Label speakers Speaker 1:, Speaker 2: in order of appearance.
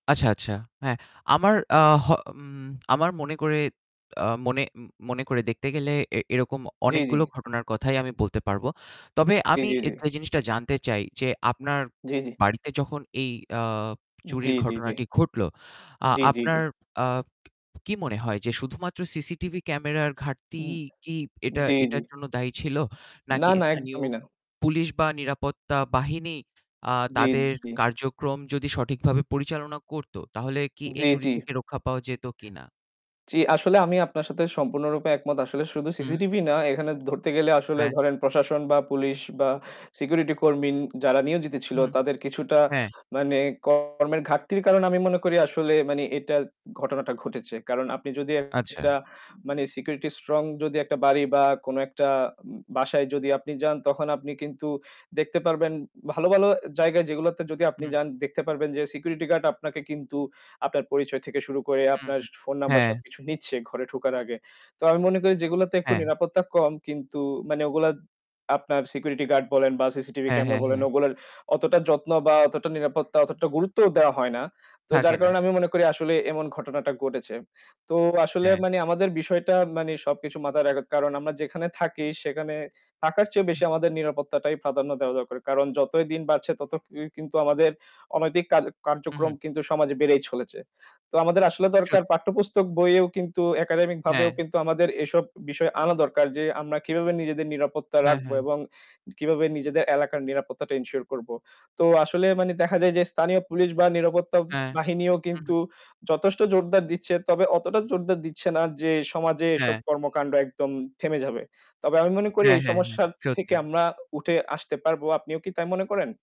Speaker 1: আচ্ছা, আচ্ছা। হ্যাঁ, আমার, আহ হ উম আমার মনে করে, আ মনে উম মনে করে দেখতে গেলে এ এরকম
Speaker 2: জি, জি।
Speaker 1: অনেকগুলো ঘটনার কথাই আমি বলতে পারবো। তবে
Speaker 2: জি,
Speaker 1: আমি
Speaker 2: জি, জি।
Speaker 1: একটা জিনিসটা জানতে চাই যে আপনার
Speaker 2: জি, জি।
Speaker 1: বাড়িতে যখন এই, আ
Speaker 2: জি,
Speaker 1: চুরির
Speaker 2: জি, জি।
Speaker 1: ঘটনাটি ঘটলো, আ
Speaker 2: জি, জি, জি।
Speaker 1: আপনার আ কি মনে হয় যে শুধুমাত্র CCTV ক্যামেরার
Speaker 2: উম
Speaker 1: ঘাটতিই কি এটা,
Speaker 2: জি, জি।
Speaker 1: এটার জন্য দায়ী ছিল?
Speaker 2: না,
Speaker 1: নাকি
Speaker 2: না,
Speaker 1: স্থানীয়
Speaker 2: একদমই না।
Speaker 1: পুলিশ বা নিরাপত্তা বাহিনী, আ
Speaker 2: জি,
Speaker 1: তাদের
Speaker 2: জি।
Speaker 1: কার্যক্রম যদি সঠিকভাবে পরিচালনা করতো তাহলে কি এই
Speaker 2: জি,
Speaker 1: চুরি
Speaker 2: জি।
Speaker 1: থেকে রক্ষা পাওয়া যেত কিনা?
Speaker 2: জি, আসলে আমি আপনার সাথে সম্পূর্ণরূপে একমত। আসলে শুধু
Speaker 1: হুম।
Speaker 2: CCTV না, এখানে ধরতে গেলে আসলে
Speaker 1: হ্যাঁ।
Speaker 2: ধরেন প্রশাসন বা পুলিশ বা security কর্মী যারা নিয়োজিত ছিল
Speaker 1: হুম।
Speaker 2: তাদের কিছুটা
Speaker 1: হ্যাঁ।
Speaker 2: মানে কর্মের ঘাটতির কারণ আমি মনে করি আসলে মানে এটা ঘটনাটা ঘটেছে। কারণ আপনি যদি
Speaker 1: আচ্ছা।
Speaker 2: একটা মানে security strong যদি একটা বাড়ি বা কোন একটা উম বাসায় যদি আপনি যান তখন আপনি কিন্তু দেখতে পারবেন ভালো, ভালো জায়গায় যেগুলাতে যদি আপনি
Speaker 1: হু।
Speaker 2: যান দেখতে পারবেন যে security guard আপনাকে কিন্তু আপনার পরিচয় থেকে শুরু করে
Speaker 1: হু,
Speaker 2: আপনার
Speaker 1: হুম
Speaker 2: phone number
Speaker 1: হ্যাঁ।
Speaker 2: সবকিছু নিচ্ছে ঘরে ঢোকার আগে। তো আমি মনে করি যেগুলাতে একটু
Speaker 1: হ্যাঁ।
Speaker 2: নিরাপত্তা কম কিন্তু মানে ওগুলা আপনার security guard বলেন বা CCTV
Speaker 1: হ্যাঁ,
Speaker 2: camera
Speaker 1: হ্যাঁ,
Speaker 2: বলেন
Speaker 1: হ্যাঁ।
Speaker 2: ওগুলার অতটা যত্ন বা অতটা নিরাপত্তা অতটা গুরুত্ব দেওয়া হয় না। তো
Speaker 1: থাকে
Speaker 2: যার
Speaker 1: না।
Speaker 2: কারণে আমি মনে করি আসলে এমন ঘটনাটা ঘটেছে। তো আসলে
Speaker 1: হ্যাঁ।
Speaker 2: মানে আমাদের বিষয়টা মানে সবকিছু মাথায় রাখতে কারণ আমরা যেখানে থাকি সেখানে থাকার চেয়ে বেশি আমাদের নিরাপত্তাটাই প্রাধান্য দেওয়া দরকার। কারণ যতই দিন বাড়ছে তত কি কিন্তু আমাদের অনৈতিক কার
Speaker 1: হুম,
Speaker 2: কার্যক্রম
Speaker 1: হুম।
Speaker 2: কিন্তু সমাজে বেড়েই চলেছে। তো আমাদের আসলে
Speaker 1: চু
Speaker 2: দরকার পাঠ্যপুস্তক বইয়েও কিন্তু একাডেমিক ভাবেও
Speaker 1: হ্যাঁ
Speaker 2: কিন্তু আমাদের এসব বিষয় আনা দরকার যে আমরা কিভাবে নিজেদের নিরাপত্তা
Speaker 1: হ্যাঁ,
Speaker 2: রাখবো
Speaker 1: হ্যাঁ।
Speaker 2: এবং কিভাবে নিজেদের এলাকার নিরাপত্তাটা ensure করবো। তো আসলে মানে দেখা যায় যে স্থানীয় পুলিশ বা নিরাপত্তা
Speaker 1: অ্যা
Speaker 2: বাহিনীও
Speaker 1: হু, হু।
Speaker 2: কিন্তু যথেষ্ট জোরদার দিচ্ছে তবে অতটা জোরদার দিচ্ছে না যে সমাজে এসব
Speaker 1: হ্যাঁ।
Speaker 2: কর্মকাণ্ড একদম থেমে যাবে। তবে আমি মনে করি
Speaker 1: হ্যাঁ,
Speaker 2: এই
Speaker 1: হ্যাঁ, হ্যাঁ।
Speaker 2: সমস্যার থেকে
Speaker 1: সত্যি।
Speaker 2: আমরা উঠে আসতে পারবো। আপনিও কি তাই মনে করেন?